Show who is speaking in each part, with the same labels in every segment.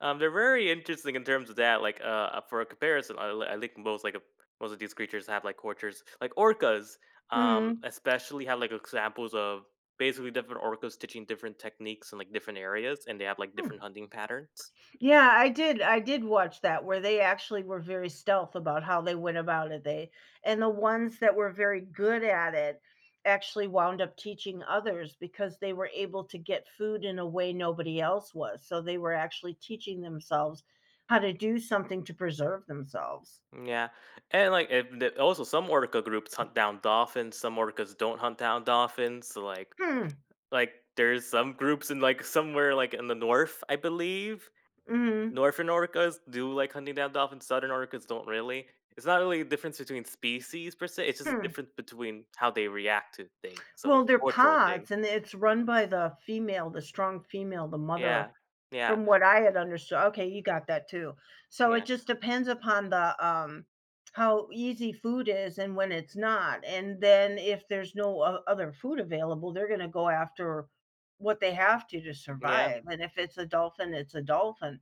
Speaker 1: Um, they're very interesting in terms of that, like, uh uh, for a comparison, I l I link most, like of most of these creatures have, like, cultures, like orcas, um,
Speaker 2: Mhm.
Speaker 1: especially have, like, examples of basically different orcas teaching different techniques in, like, different areas and they have, like,
Speaker 2: Hmm.
Speaker 1: different hunting patterns.
Speaker 2: Yeah, I did I did watch that, where they actually were very stealth about how they went about it, they and the ones that were very good at it actually wound up teaching others because they were able to get food in a way nobody else was, so, they were actually teaching themselves how to do something to preserve themselves.
Speaker 1: M yeah, and, like, eh, d also some orca groups hunt down dolphins, some orcas don't hunt down dolphins, so, like
Speaker 2: Hmm
Speaker 1: like, there's some groups in, like, somewhere like, in the North, I believe.
Speaker 2: Mhm.
Speaker 1: Northern orcas do like hunting down dolphins, southern orcas don't really; it's not really a difference between species per se, it's just a
Speaker 2: Hmm.
Speaker 1: difference between how they react to things, so,
Speaker 2: Well,
Speaker 1: it's
Speaker 2: they're
Speaker 1: a cultural thing.
Speaker 2: pods and it's run by the female, the strong female, the mother.
Speaker 1: Yeah. Yeah.
Speaker 2: From what I had understood okay, you got that too, so, it
Speaker 1: Yeah.
Speaker 2: just depends upon the, um how easy food is and when it's not, and then if there's no o other food available, they're gonna go after what they have to, to
Speaker 1: Yeah.
Speaker 2: survive, and if it's a dolphin, it's a dolphin,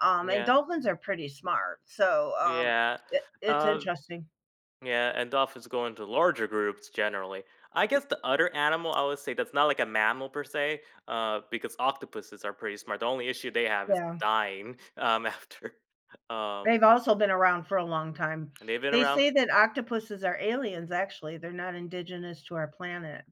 Speaker 2: um, and
Speaker 1: Yeah.
Speaker 2: dolphins are pretty smart, so, um,
Speaker 1: Yeah,
Speaker 2: it it's
Speaker 1: uh
Speaker 2: interesting.
Speaker 1: Yeah, and dolphins go into larger groups generally. I guess the other animal, I would say, that's not like a mammal per se, uh because octopuses are pretty smart, the only issue they have is
Speaker 2: Yeah.
Speaker 1: dying, um, after. Um
Speaker 2: They've also been around for a long time.
Speaker 1: And they've been
Speaker 2: They
Speaker 1: around
Speaker 2: say that octopuses are aliens, actually, they're not indigenous to our planet.